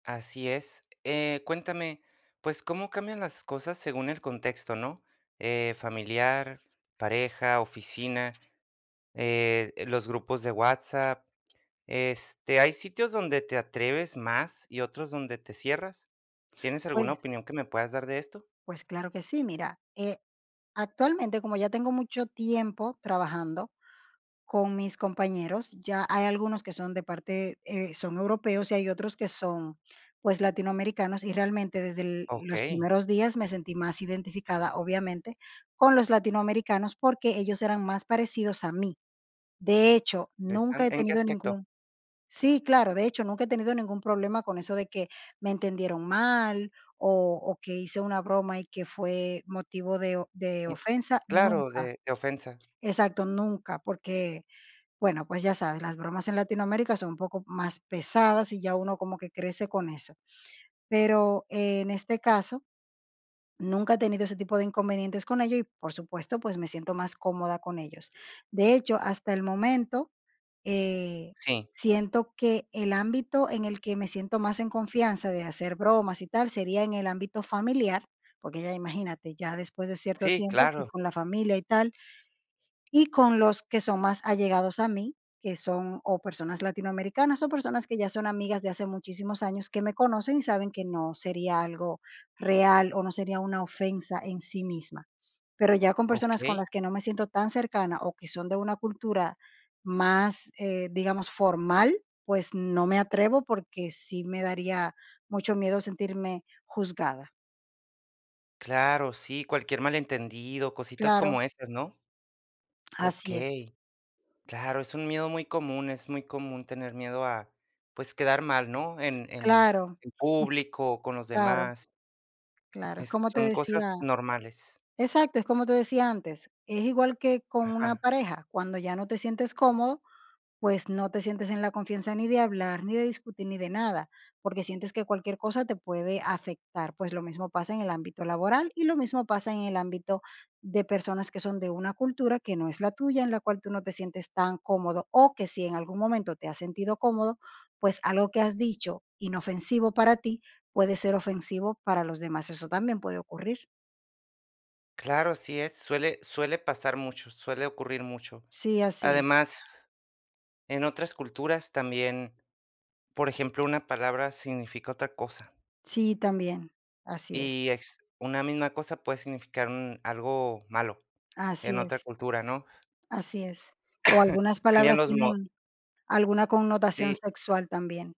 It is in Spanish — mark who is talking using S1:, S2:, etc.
S1: Así es, eh, cuéntame, pues, cómo cambian las cosas según el contexto, ¿no?, eh, familiar, pareja, oficina, eh, los grupos de WhatsApp, este, ¿hay sitios donde te atreves más y otros donde te cierras? ¿Tienes alguna
S2: Pues
S1: opinión que me puedas dar de esto?
S2: Pues, claro que sí, mira, eh, actualmente, como ya tengo mucho tiempo trabajando con mis compañeros, ya hay algunos que son de parte, eh, son europeos y hay otros que son, pues, latinoamericanos, y realmente, desde l los
S1: Okey.
S2: primeros días me sentí más identificada, obviamente, con los latinoamericanos, porque ellos eran más parecidos a mí. De hecho, nunca
S1: Interesan
S2: he
S1: ¿en qué
S2: tenido
S1: aspecto?
S2: ningún Sí, claro, de hecho, nunca he tenido ningún problema con eso de que me entendieron mal o o que hice una broma y que fue motivo de o de
S1: Um,
S2: ofensa,
S1: claro, de
S2: nunca.
S1: de ofensa.
S2: Exacto, nunca, porque, bueno, pues, ya sabes, las bromas en Latinoamérica son un poco más pesadas y ya uno como que crece con eso. Pero, en este caso, nunca he tenido ese tipo de inconvenientes con ello y, por supuesto, pues, me siento más cómoda con ellos. De hecho, hasta el momento, eh,
S1: Sí.
S2: siento que el ámbito en el que me siento más en confianza de hacer bromas y tal, sería en el ámbito familiar, porque ya, imagínate, ya después de cierto
S1: Sí,
S2: tiempo, y
S1: claro.
S2: con la familia y tal. Y con los que son más allegados a mí, que son, o personas latinoamericanas, son personas que ya son amigas de hace muchísimos años, que me conocen y saben que no sería algo real o no sería una ofensa en sí misma. Pero ya con personas con
S1: Okey.
S2: las que no me siento tan cercana o que son de una cultura más, eh, digamos, formal, pues, no me atrevo, porque sí me daría mucho miedo sentirme juzgada.
S1: Claro, sí, cualquier malentendido, cositas como
S2: Claro.
S1: esas, ¿no?
S2: Así es.
S1: Okey. Claro, es un miedo muy común, es muy común tener miedo a, pues, quedar mal, ¿no?, en en
S2: Claro,
S1: en público o con los
S2: claro.
S1: demás.
S2: Claro, es
S1: Esque,
S2: como te
S1: son cosas
S2: decía
S1: normales.
S2: exacto, es como te decía antes, es igual que con una
S1: Ajá.
S2: pareja, cuando ya no te sientes cómodo, pues, no te sientes en la confianza ni de hablar, ni de discutir, ni de nada, porque sientes que cualquier cosa te puede afectar. Pues, lo mismo pasa en el ámbito laboral y lo mismo pasa en el ámbito de personas que son de una cultura que no es la tuya, en la cual, tú no te sientes tan cómodo, o que si en algún momento te has sentido cómodo, pues, algo que has dicho inofensivo para ti, puede ser ofensivo para los demás, eso también puede ocurrir.
S1: Claro, así es, suele suele pasar mucho, suele ocurrir mucho.
S2: Sí, así es.
S1: Además, en otras culturas también, por ejemplo, una palabra significa otra cosa.
S2: Sí, también, así es.
S1: Y es una misma cosa puede significar un algo malo en
S2: Así
S1: otra
S2: es.
S1: cultura, ¿no?
S2: Así es. O algunas
S1: Cambian
S2: palabras
S1: los mo
S2: tienen alguna connotación
S1: Sí.
S2: sexual también.